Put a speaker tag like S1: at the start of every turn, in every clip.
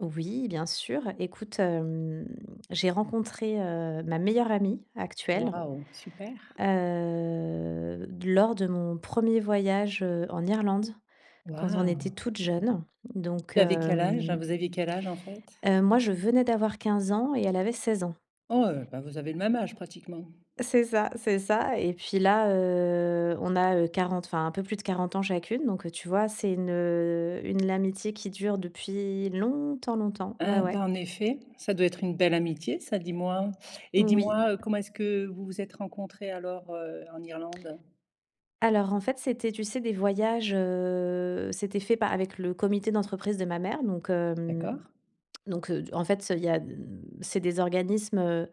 S1: Oui, bien sûr. Écoute, hem, j'ai rencontré, heu, ma meilleure amie actuelle,
S2: Waouh! Super.
S1: heu, lors de mon premier voyage, heu, en Irlande. Quand on était
S2: Waouh!
S1: toutes jeunes donc
S2: Tu avais quel âge,
S1: hem
S2: vous aviez quel âge en fait?
S1: heu, moi je venais d'avoir 15 ans et elle avait 16 ans.
S2: Oh heu, bah vous avez le même âge pratiquement.
S1: C'est ça, c'est ça et puis là, heu, on a, heu, 40, enfin un peu plus de 40 ans chacune. Donc heu, tu vois c'est une, heu, une l'amitié qui dure depuis longtemps, longtemps, ouais
S2: Ah
S1: ouais.
S2: bah, en effet! Ça doit être une belle amitié ça dis moi! Et dis
S1: Oui.
S2: moi, heu, comment est-ce que vous vous êtes rencontrées alors, heu, en Irlande?
S1: Alors en fait, c'était tu sais, des voyages, heu, c'était fait pa avec le comité d'entreprise de ma mère donc hem,
S2: D'accord.
S1: donc heu, d en fait ça il y a d c'est des organismes, heu,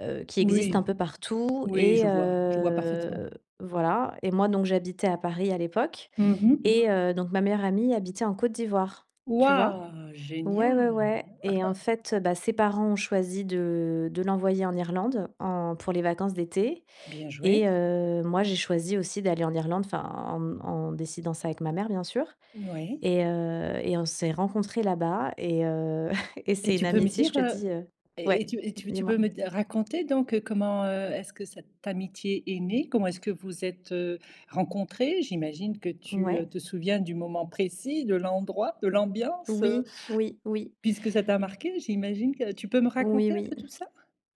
S1: heu, qui existent un
S2: Oui,
S1: peu partout
S2: oui
S1: et
S2: je vois. Je vois parfaitement.
S1: heu, voilà et moi, donc j'habitais à Paris à l'époque
S2: Mmh mh.
S1: et heu, donc ma meilleure amie habitait en Côte d'Ivoire, tu vois?
S2: Waouh!
S1: Ouais, ouais,
S2: Génial.
S1: ouais et en fait heu, bah ses parents ont choisi de de l'envoyer en Irlande. En pour les vacances d'été
S2: Bien joué.
S1: et heu, moi j'ai choisi aussi d'aller en Irlande, enfin en m en décidant ça avec ma mère, bien sûr
S2: Oui.
S1: et heu, et on s'est rencontrées là bas et heu, et
S2: Et
S1: c'est une
S2: tu peux me
S1: amitié, je
S2: dire,
S1: te
S2: heu
S1: dis, heu
S2: et et
S1: ouais
S2: tu et
S1: dis
S2: tu
S1: moi?
S2: peux me d raconter donc heu, comment, heu, est-ce que cette amitié est née? Comment est-ce que vous êtes, heu, rencontrées? J'imagine que tu,
S1: Ouais.
S2: heu, te souviens du moment précis, de l'endroit, de l'ambiance, heu,
S1: Oui, oui, oui.
S2: puisque ça t'a marquée. J'imagine que, tu peux me
S1: Oui
S2: raconter un
S1: oui.
S2: peu tout ça?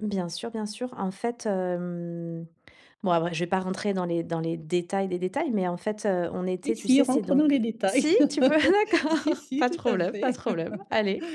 S1: Bien sûr, bien sûr. En fait, hem, bon après je vais pas rentrer dans les dans les détails des détails. Mais en fait, heu, on
S2: Si
S1: était tu
S2: si,
S1: sais, c'est
S2: rentre dans
S1: donc
S2: les détails.
S1: si? Tu veux? D'accord,
S2: Si si
S1: pas de
S2: tout à
S1: problème, pas de
S2: fait.
S1: problème. Allez.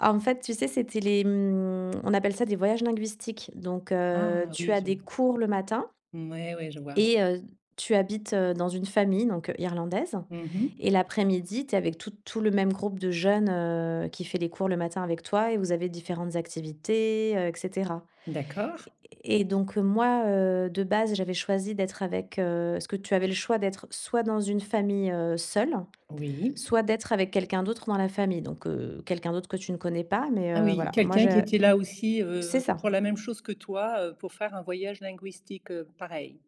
S1: En fait, tu sais c'était les mmh, on appelle ça des voyages linguistiques. Donc heu,
S2: Ah,
S1: tu
S2: oui
S1: as
S2: je
S1: des
S2: vois.
S1: cours le matin
S2: Mouais ouais, je vois
S1: et heu, tu habites, heu, dans une famille donc heu, irlandaise
S2: Mmh
S1: et
S2: mh.
S1: l'après-midi, tu es avec tout tout le même groupe de jeunes, heu, qui fait les cours le matin avec toi et vous avez différentes activités, heu et cetera
S2: D'accord.
S1: et donc heu, moi, heu, de base, j'avais choisi d'être avec, heu parce que tu avais le choix d'être soit dans une famille, heu, seule,
S2: Oui.
S1: soit d'être avec quelqu'un d'autre dans la famille. Donc heu, quelqu'un d'autre que tu ne connais pas. Mais
S2: Ah
S1: heu,
S2: oui,
S1: voilà. Moi
S2: quelqu'un qui
S1: j'a
S2: était là aussi,
S1: c'est
S2: heu, pour
S1: ça.
S2: la même chose que toi, heu, pour faire un voyage linguistique, heu, pareil.